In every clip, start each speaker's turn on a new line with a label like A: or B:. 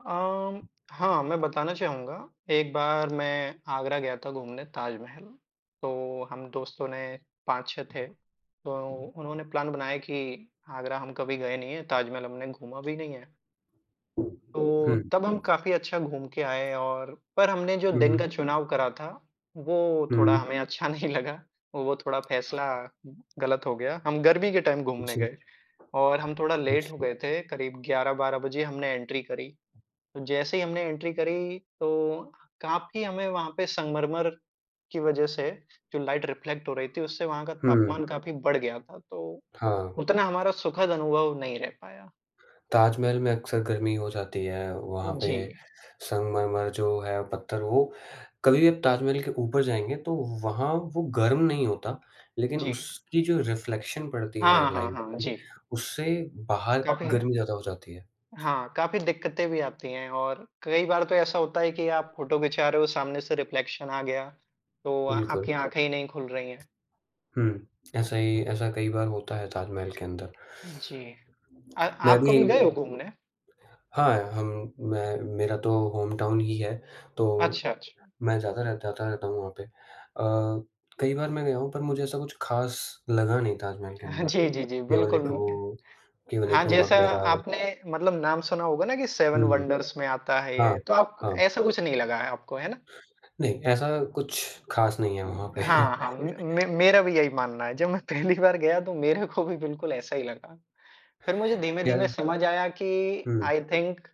A: अम, हाँ, मैं बताना चाहूँगा, एक बार मैं आगरा गया था घूमने ताजमहल, तो हम दोस्तों ने 5-6 थे, तो उन्होंने प्लान बनाया कि आगरा हम कभी गए नहीं है, ताजमहल हमने घूमा भी नहीं है तो,
B: हुँ।
A: तब हम काफ़ी अच्छा घूम के आए और पर हमने जो
B: हुँ,
A: दिन का
B: हुँ।
A: चुनाव करा था, वो थोड़ा
B: हुँ।
A: हमें अच्छा नहीं लगा, वो थोड़ा फैसला गलत हो गया। हम गर्मी के टाइम घूमने
B: अच्छा।
A: गए और हम थोड़ा लेट हो
B: अच्छा।
A: गए थे, करीब 11-12 बजे हमने एंट्री करी। तो जैसे ही हमने एंट्री करी, तो काफ़ी हमें वहाँ पे संगमरमर की वज़ह से जो लाइट रिफ्लेक्ट हो रही थी उससे वहाँ का
B: हुँ,
A: तापमान
B: हुँ।
A: काफ़ी बढ़ गया था। तो,
B: हाँ।
A: उतना हमारा सुखद अनुभव नहीं रह पाया।
B: ताजमहल में अक्सर गर्मी हो जाती है, वहाँ
A: उ,
B: पे
A: जी।
B: संगमरमर जो है पत्थर वो कभी भी आप ताजमहल के ऊपर जाएँगे, तो वहाँ वो गर्म नहीं होता। लेकिन
A: जी।
B: उसकी जो रिफ्लेक्शन पड़ती है
A: हाँ, हाँ,
B: लाइट
A: हाँ, हाँ
B: की,
A: जी।
B: उससे बाहर
A: काफ़ी है
B: गर्मी ज़्यादा हो जाती है।
A: हाँ, काफ़ी दिक्कतें भी आती हैं और कई बार तो ऐसा होता है कि आप फ़ोटो खिंचा रहे हो, सामने से रिफ्लेक्शन आ गया, तो अ,
B: बिल्कुल।
A: आपकी आँखें ही नहीं खुल रही हैं।
B: हुँ, ऐसा ही ऐसा कई बार होता है ताजमहल के अंदर।
A: जी। अ,
B: मैं
A: आप कभी गए
B: भी
A: हो घूमने?
B: हाँ, हम मैं मेरा तो होमटाउन ही है, तो,
A: अच्छा, अच्छा।
B: मैं जाता रहता था तो वहाँ पे। अ, कई बार मैं गया हूँ, पर मुझे ऐसा कुछ ख़ास लगा नहीं ताजमहल के अंदर,
A: जी, जी, जी
B: केवल
A: बिल्कुल,
B: एक
A: मु
B: वो केवल
A: हाँ,
B: एक वो
A: जैसा
B: मकबरा
A: आपने मतलब नाम सुना होगा ना कि सेवन
B: हुँ, हुँ।
A: वंडर्स में आता है
B: हाँ,
A: ये, तो आप क
B: हाँ।
A: ऐसा कुछ नहीं लगा है आपको, है ना?
B: नहीं, ऐसा कुछ ख़ास नहीं है वहाँ पे।
A: हाँ, हाँ उम, मे मेरा भी यही मानना है, जब मैं पहली बार गया तो मेरे को भी बिल्कुल ऐसा ही लगा। फिर मुझे
B: या
A: धीमे-धीमे समझ आया कि
B: हुँ।
A: आई थिंक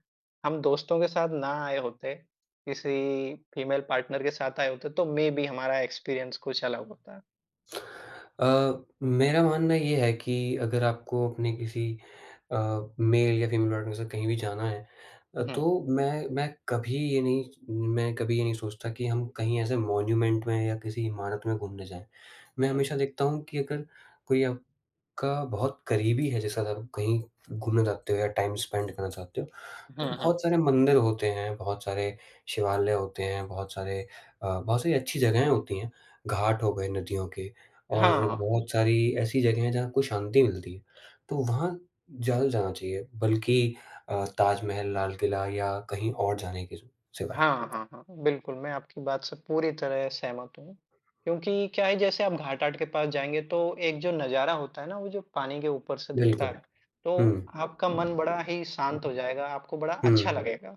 A: हम दोस्तों के साथ ना आए होते, किसी फीमेल पार्टनर के साथ आए होते, तो मेबी हमारा एक्सपीरियंस कुछ अलग होता।
B: अ, मेरा मानना ये है कि अगर आपको अपने किसी अ, मेल या फीमेल पार्टनर के साथ कहीं भी जाना है
A: उ
B: अ,
A: हुँ।
B: तो मैं मैं कभी ये नहीं स मैं कभी ये नहीं सोचता कि हम कहीं ऐसे मॉन्यूमेंट में या किसी इमारत में घूमने जाएँ। मैं
A: हुँ।
B: हमेशा देखता हूँ कि अगर कोई आपका बहुत करीबी है, जिसके साथ आप कहीं घूमने जाते हो या टाइम स्पीड करना चाहते हो, तो
A: हुँ, हुँ।
B: बहुत सारे मंदिर होते हैं, बहुत सारे शिवालय होते हैं, बहुत सारे अ, बहुत सारी अच्छी जगहें होती हैं। घाट हो गए नदियों के और
A: हाँ।
B: बहुत सारी ऐसी जगहें हैं जहाँ आपको शांति मिलती है। तो वहाँ ज़्यादा जाना चाहिए, बल्कि अ, ताजमहल, लाल किला या कहीं और जाने के स सिवाय।
A: हाँ, हाँ, हाँ, बिल्कुल, मैं आपकी बात से पूरी तरह सहमत हूँ। क्योंकि क्या है जैसे आप घाट-आट के पास जाएँगे तो एक जो नजारा होता है ना, वो जो पानी के ऊपर से दिखता
B: बिल्कुल,
A: है, तो
B: हुँ।
A: आपका मन बड़ा ही शांत हो जाएगा, आपको बड़ा अच्छा
B: हुँ।
A: लगेगा।